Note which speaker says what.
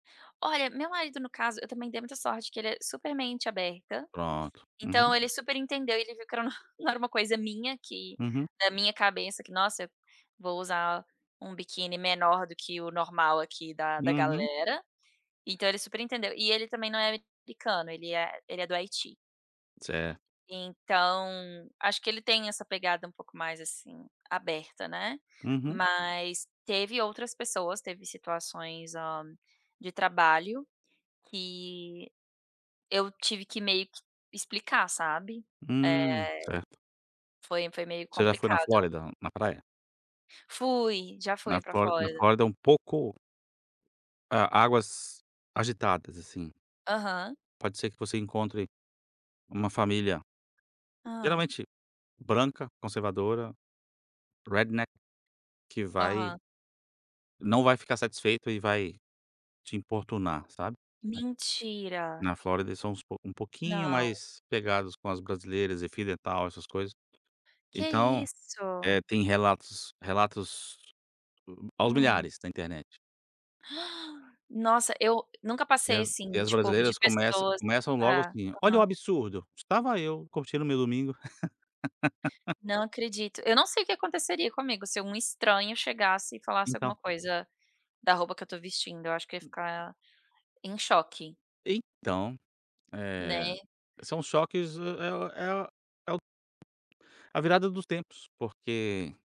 Speaker 1: Olha, meu marido no caso, eu também dei muita sorte que ele é super mente aberta,
Speaker 2: Pronto, uhum.
Speaker 1: então ele super entendeu e ele viu que era não era uma coisa minha que,
Speaker 2: Uhum.
Speaker 1: da minha cabeça que nossa, vou usar um biquíni menor do que o normal aqui da da
Speaker 2: Uhum.
Speaker 1: galera, então ele super entendeu e ele também não é americano, ele é ele é do Haiti.
Speaker 2: Certo.
Speaker 1: Então, acho que ele tem essa pegada um pouco mais assim aberta, né,
Speaker 2: Uhum.
Speaker 1: mas teve outras pessoas, teve situações, hã, de trabalho, que, eu tive que meio que explicar sabe,
Speaker 2: Hum,
Speaker 1: eh,
Speaker 2: certo.
Speaker 1: foi foi meio
Speaker 2: Você já foi na
Speaker 1: complicado.
Speaker 2: Flórida, na praia?
Speaker 1: Fui, já
Speaker 2: Na
Speaker 1: fui para
Speaker 2: Flórida na
Speaker 1: Flórida.
Speaker 2: Flórida é um pouco, é, águas agitadas assim.
Speaker 1: Aham.
Speaker 2: Pode ser que você encontre, uma família,
Speaker 1: Hã.
Speaker 2: geralmente branca, conservadora, redneck que vai
Speaker 1: Aham.
Speaker 2: não vai ficar satisfeito e vai te importunar sabe,
Speaker 1: Mentira.
Speaker 2: na Flórida eles são uns pouco um pouquinho
Speaker 1: Não.
Speaker 2: mais pegadas com as brasileiras e fio dental essas coisas,
Speaker 1: Que
Speaker 2: então, eh,
Speaker 1: isso.
Speaker 2: tem relatos relatos aos
Speaker 1: Hum.
Speaker 2: milhares da internet.
Speaker 1: Nossa eu nunca
Speaker 2: E
Speaker 1: passei,
Speaker 2: as e
Speaker 1: assim,
Speaker 2: as
Speaker 1: tipo de
Speaker 2: brasileiras começa
Speaker 1: pessoas,
Speaker 2: começam logo
Speaker 1: ah,
Speaker 2: assim: "Olha o
Speaker 1: aham.
Speaker 2: absurdo, estava eu, curtindo meu domingo".
Speaker 1: Não acredito, eu não sei o que aconteceria comigo se um estranho chegasse e falasse alguma
Speaker 2: Então.
Speaker 1: coisa da roupa que eu estou vestindo eu acho que ia ficar em choque.
Speaker 2: Então, eh,
Speaker 1: Né.
Speaker 2: são choques é o é o o a virada dos tempos, porque